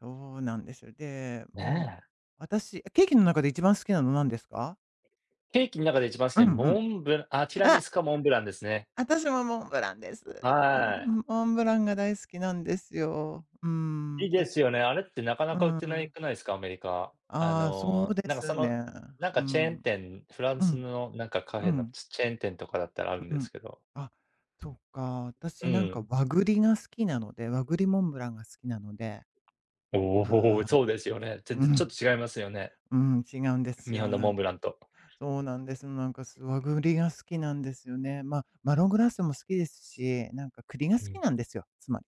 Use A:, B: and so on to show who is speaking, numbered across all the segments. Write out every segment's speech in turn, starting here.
A: そうなんです。で、
B: ね
A: もう、
B: え。
A: 私、ケーキの中で一番好きなの何ですか？
B: ケーキん中で一番好き
A: う
B: な
A: んう
B: モ
A: ん。
B: ンブあ、ティラミ
A: あ
B: スかモンブランですね。
A: 私もモンブランです。モ
B: はあい。
A: ンモンブランが大好きなんですよ。うー
B: い
A: ん、
B: いで
A: 私
B: す
A: も。
B: よね、あれってなか
A: う
B: なか売って
A: ー
B: ない
A: ん。
B: くないですか？アメリカ。あ
A: ああ、そう
B: の、
A: で
B: なんかそ
A: す
B: の、
A: ね。
B: なんか
A: う
B: チェーン
A: ん、
B: 店、フラン
A: う
B: ス
A: ん、
B: のなんかカフ
A: う
B: ェの
A: ん。
B: チチェーン店とかだったらある
A: う
B: んで
A: うん。
B: すけど。
A: あ、そっかあ。
B: う
A: 私なんか
B: ん。
A: 和栗が好きなので、和栗モンブランが好きなので。
B: おお、
A: ああ。
B: そうですよね。全全
A: う
B: 然ちょっ
A: ん、
B: と違いますよね、
A: うん、違うんです
B: 日本
A: よ。
B: の
A: な
B: モン
A: ん
B: ブランと。
A: そうなんです。なんか、す和栗が好きなんですよね。ま、マロングラッセも好きですし、なんか栗が
B: う
A: 好き
B: ん。
A: なんですよ、つまり。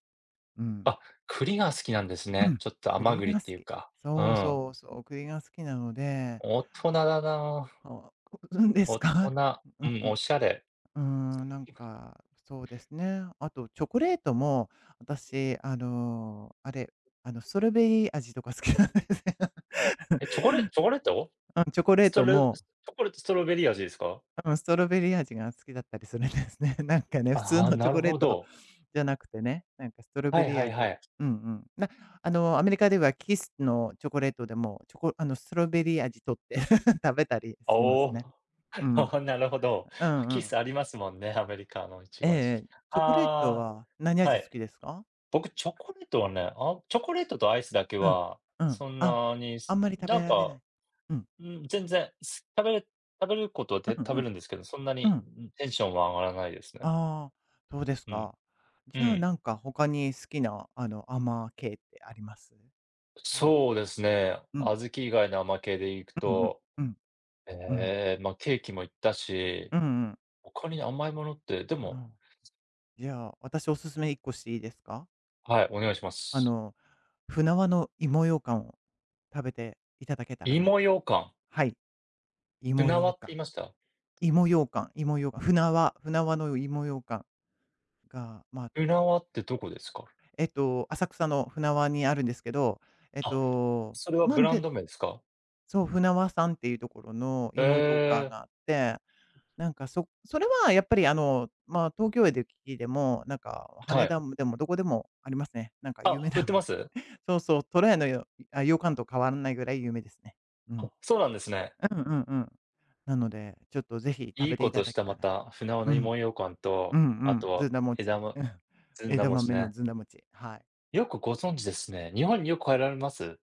A: うん。
B: あ、栗が好きなんです
A: う
B: ね。
A: ん、
B: ちょっと甘
A: 栗
B: 栗っ
A: が好
B: ていう
A: き。
B: か。う
A: そう
B: ん。
A: そうそう、栗が好きなので
B: おっとなだなあ。
A: おう、ううんです
B: 大
A: か？
B: 人、
A: う
B: う
A: んう
B: ん、おしゃれ。
A: ん。うーん、なん
B: 今
A: か、そうですね。あと、チョコレートも私、あのう、あれ、あの、ストロベリー味とか好きなんですよ。
B: え、チョコレチョコレート？
A: あん、チョコレ
B: ス
A: ー
B: ト
A: ト
B: ロチ
A: も
B: ョコレートストロベリー味ですか？
A: 多分、ストロベリー味が好きだったりするんですね。なんかね、普通
B: ああ、
A: のチ
B: な
A: ョ
B: る
A: コレ
B: ほ
A: ート
B: ど。
A: じゃなくてね、なんかストロ
B: は
A: ベ
B: い
A: リー
B: はい
A: 味
B: は
A: を、
B: い。
A: うんうん。な、あの、アメリカではキッスのチョコレートでも、チョコあのストロベリー味とって 食べたりしま
B: お
A: す
B: お。
A: ね。うん、
B: ああ、なるほど。
A: うんう
B: キッ
A: ん。
B: スありますもんね、アメリカのいち
A: え
B: ご味。
A: え、チョコレート
B: あ
A: は何
B: あ、は
A: 味好
B: い。
A: きですか？
B: 僕チョコレートはね、あ、チョコレートとアイスだけ
A: うん、
B: は、
A: うん。
B: そん
A: あ、
B: なに
A: あん
B: す
A: まり食
B: な
A: べ
B: ん
A: られな
B: か、
A: い。うん。
B: うーん、全然す食べる食べることは、で、
A: うん
B: 食
A: う
B: べ
A: ん、
B: るんですけど、そんな
A: う
B: に、
A: ん。
B: ん、テンションは上がらないですね。
A: ああ、そうです
B: うん、
A: か。
B: う
A: じゃあ、
B: ん。
A: なんか他に好きな、あの、甘系ってあります？なん
B: そうですね。
A: うん。
B: 小豆以外の甘系でいく
A: うんうん、
B: と、
A: うん。うん。
B: ええ、ま、ケーキも言ったし、
A: うんうん。
B: 他に甘いものって、で
A: う
B: も
A: ん。じゃあ、私おすすめ1個していいですか？
B: はい、お願いしま
A: あ
B: す。
A: の舟和の芋羊羹を食べていただけたらな。
B: 芋羊羹。
A: はい。芋
B: 舟和
A: 羊
B: って言
A: 羹、
B: いました？
A: 芋羊羹芋羊羹、舟和舟和の芋羊羹、が、ま、
B: 舟
A: うん。
B: 和ってどこですか？
A: えっと、浅草の舟和にあるんですけど、えっ
B: あ、
A: と、
B: それは
A: ま
B: ブ
A: ん
B: ラン
A: で
B: ド名ですか？
A: そう、舟和さんっていうところの
B: へ
A: 芋羊羹
B: え。
A: があって、なんかそそれはやっぱり、あの、まあ東京で駅でも、なんか
B: は
A: 羽
B: い。
A: 田でもどこでもありますね。なんか有
B: あ、
A: 名
B: 売
A: な
B: って
A: の
B: ま
A: で。
B: す？
A: そうそう、虎屋のよあ、羊羹と変わんないぐらい有名ですね。うん。
B: あ、そうなんですね。
A: うんうんうん。なので、ちょっとぜひ食
B: いい
A: べて
B: こ
A: いた
B: とし
A: だけ
B: た、
A: た
B: ま
A: ら。
B: た、舟和
A: う
B: の
A: ん。
B: 芋羊羹
A: うん
B: と、
A: う
B: あと
A: ん、ず
B: は、
A: んだ
B: 枝
A: 餅、
B: ま
A: うん、
B: ずんだ
A: 枝
B: 餅
A: 豆の
B: ね。
A: ずんだ餅、はい。
B: よくご存知ですね。日本によく帰られます？